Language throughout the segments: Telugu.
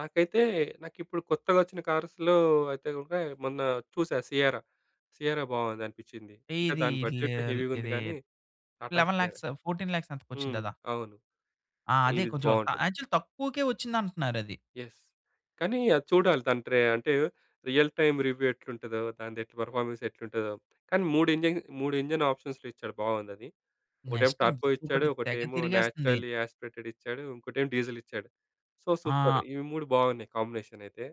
నాకైతే నాకిప్పుడు కొత్తగా వచ్చిన కార్స్‌లో అయితే గనక, మొన్న చూసా సియరా. సియరా బాగుందనిపించింది. ఎ అంటే, ఇదీ దాని బడ్జెట్ ఇలేల్ హెవీగా ఉంది ఇదీ కానీ, టాటా 11,00,000 సియరా. లాక్స్ 14,00,000 లాక్స్ ఎంతకో హ్మ్. వచ్చిందదా? అవును ఆ! అదే ఇవిది కొంచెం త బాగుంటది. యాక్చువల్ తక్కువకే వచ్చిందంటున్నారది. యెస్. కానీ, అది చూడాలి దాని ట్రే అంటే రియల్ టైమ్ రివ్యూ ఎట్లుంటదో, దానిదెట్ల పెర్ఫార్మెన్స్ ఎట్లుంటదో. కానీ, 3 ఇంజిన్ 3 ఇంజిన్ ఆప్షన్స్‌లో ఇచ్చాడు బాగుందది. ఒకటేమో, నెక్స్ట్ ఇంక టర్బో ఇచ్చాడు, ఇంకొటి తెగ ఒకటేమో తిరిగేస్తంది. నాచురల్లీ యాస్పిరేటెడ్ ఇచ్చాడు, ఇంకోటేమో డీజిల్ ఇచ్చాడు. So, super! ఆ! ఇవి 3 బాగున్నాయి కాంబినేషనైతే.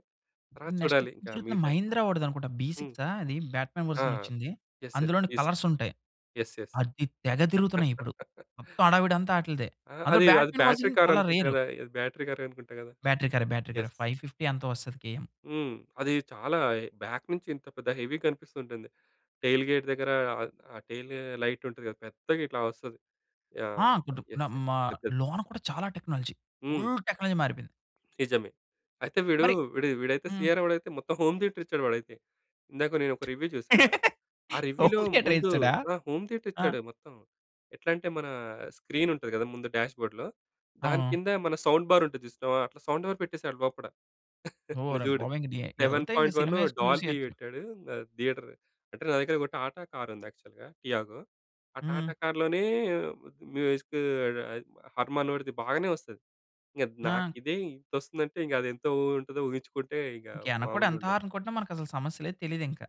తర్వాత నెక్స్ట్ చూడాలి ఎక్కువ ఇంకా తిరుగుతుంది మిగతాయి. మహీంద్రా వాడిదనుకుంటా! బి హ్మ్. సిక్సా! అది బ్యాట్‌మ్యాన్ ఆ! వెర్షన్ వచ్చింది. యెస్, అందులోని యెస్. కలర్స్ ఉంటాయి. Yes, yes. అది తెగ తిరుగుతున్నయిప్పుడు. మొత్తం హడావిడంతా ఆటిల్దే. ఆ! అందులో అది, అది బ్యాట్‌మ్యాన్ బ్యాటరీ వెర్షన్ చాలా కారనుకుంట రేరు. కదా! అది బ్యాటరీ కార్ అనుకుంటా కదా! బ్యాటరీ కారె, బ్యాటరీ యెస్. కారె, 550 ఎంతో వస్తది కేఎం. హ్మ్. అది చాలా ఎ బాక్ నుంచి ఎంత పెద్ద హెవీ కనిపిస్తూ ఉంటుంది. టెయిల్ గేట్ దెగ్గర, ఆహ్, ఆ టెయిల్ లైట్ ఉంటది కదా, పెద్దగా ఇట్లా వస్తది. ఆ! యాహ్! గుడ్డు న యెస్, యెస్. మ పెద్దది. లోన కూడా చాలా టెక్నాలజీ. హ్మ్. ఫుల్ టెక్నాలజీ మారిపోయింది. నిజమే. అయితే వీడూ, మరి వీడు వీడైతే హ్మ్. సీయరా వాడైతే మొత్తం హోమ్ థియేటర్ ఇచ్చాడు వాడైతే. ఇందాక నేను ఒక రివ్యూ చూసా. ఆ రివ్యూలో హోమ్ థియేటర్ ముందు ఏయిసాడా! ఆ! హోమ్ థియేటర్ ఆ! ఇచ్చాడు మొత్తం. ఎట్లా అంటే, మన స్క్రీన్ ఉంటది కదా, ముందు డాష్‌బోర్డ్‌లో, అవును. దానికింద మన సౌండ్ బార్ ఉంటది చూసినవా, అట్లా సౌండ్ బార్ పెట్టేసాడు లోపట. నువ్వు ఓర చూడు. బాబోయ్! ఇంక డియే సెవెన్ ఎళ్తే ఇంకా పాయింట్ వన్ సినిమా ఏసుకొని డాల్బీ చూసేయొచ్చు! వెట్టాడు. ఆహ్, థియేటర్. అంటే, నా దగ్గర ఒక టాటా కారుంది యాక్చువల్‌గా టియాగో. ఆ టాటా హ్మ్. కార్‌లోనే మ్యూజిక్కూ అది హర్‌మానోడి‌ది బాగానే వస్తది. ఇద్ ఆ! నాకిదే ఇంతొస్తుందంటే, ఇంక అదెంత వొ ఉంటదో ఊహించుకుంటే ఇగ ఇంక యనకొడు ఎంత మాములుగుండదు. హారన్ కొట్టిన, మనకసలు సమస్య లేదు తెలీదింకా.